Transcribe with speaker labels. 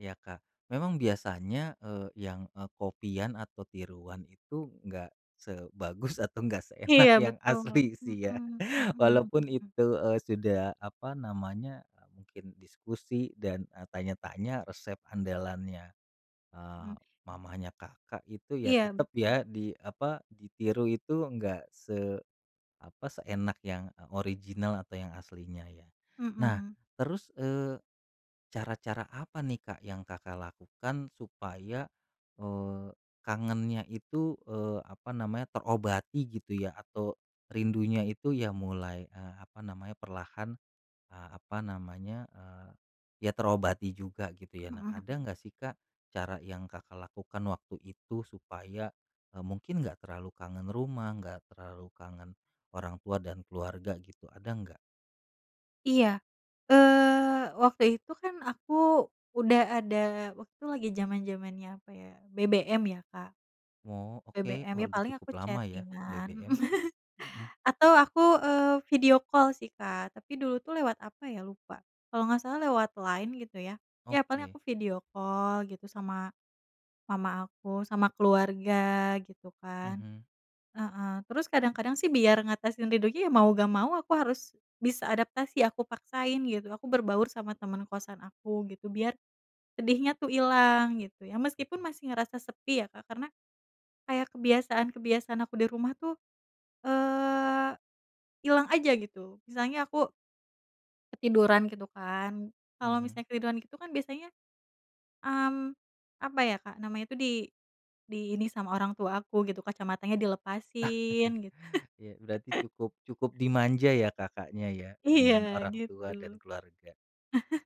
Speaker 1: Ya Kak. Memang biasanya, eee, yang, eee, copy-an atau tiruan itu, enggak sebagus atau enggak seenak
Speaker 2: Iya,
Speaker 1: yang
Speaker 2: betul.
Speaker 1: asli
Speaker 2: Mmm
Speaker 1: sih ya,
Speaker 2: mmm mmm
Speaker 1: walaupun
Speaker 2: mmm.
Speaker 1: itu, eee, sudah apa namanya, mungkin diskusi dan, eee, tanya-tanya resep andalannya, eee,
Speaker 2: Mmm.
Speaker 1: mamanya Kakak itu ya,
Speaker 2: Iya,
Speaker 1: tetep ya,
Speaker 2: betul.
Speaker 1: di, apa, ditiru itu, enggak se apa, seenak yang original atau yang aslinya ya. Nah
Speaker 2: Mmm.
Speaker 1: terus, eee, cara-cara apa nih, Kak, yang Kakak lakukan supaya, eee, kangennya itu, eee, apa namanya, terobati gitu ya? Atau rindunya itu ya mulai, eee, apa namanya, perlahan, eee, apa namanya, eee, ya terobati juga gitu ya? Nah
Speaker 2: Mmm,
Speaker 1: ada
Speaker 2: mhm.
Speaker 1: nggak sih, Kak, cara yang Kakak lakukan waktu itu supaya, eee, mungkin enggak terlalu kangen rumah, enggak terlalu kangen orang tua, dan keluarga gitu. Ada nggak?
Speaker 2: Iya. Eee, waktu itu kan aku udah ada waktu lagi zaman-zamannya apa ya, BBM ya, Kak.
Speaker 1: Oh, oke.
Speaker 2: BBM,
Speaker 1: Oh
Speaker 2: ya
Speaker 1: udah
Speaker 2: paling
Speaker 1: cukup
Speaker 2: aku
Speaker 1: lama ya,
Speaker 2: chating-an, mmm,
Speaker 1: BBM? Mmm.
Speaker 2: atau aku, eee, video call sih, Kak, tapi dulu tuh lewat apa ya, lupa. Kalo gak salah lewat Line gitu ya? Ya paling
Speaker 1: Oke.
Speaker 2: aku video call gitu, sama mama aku, sama keluarga gitu kan.
Speaker 1: Mhm.
Speaker 2: Heeh. Terus kadang-kadang sih, biar ngatasin rindunya, ya mau nggak mau aku harus bisa adaptasi, aku paksain gitu. Aku berbaur sama teman kosan aku gitu. Biar sedihnya tuh ilang, gitu ya. Meskipun
Speaker 1: Mmm.
Speaker 2: masih ngerasa sepi ya, Kak. Karena, kayak kebiasaan-kebiasaan aku di rumah tuh, eee, ilang aja gitu. Misalnya aku ketiduran gitu kan. Kalau
Speaker 1: Mhm.
Speaker 2: misalnya ketiduran gitu kan biasanya, mmm, apa ya, Kak, namanya itu di di ini sama orang tua, aku gitu, kacamatanya dilepasin, gitu.
Speaker 1: Iya berarti cukup cukup dimanja ya, Kakaknya ya? Dengan
Speaker 2: Iya,
Speaker 1: orang tua dan
Speaker 2: gitu.
Speaker 1: keluarga.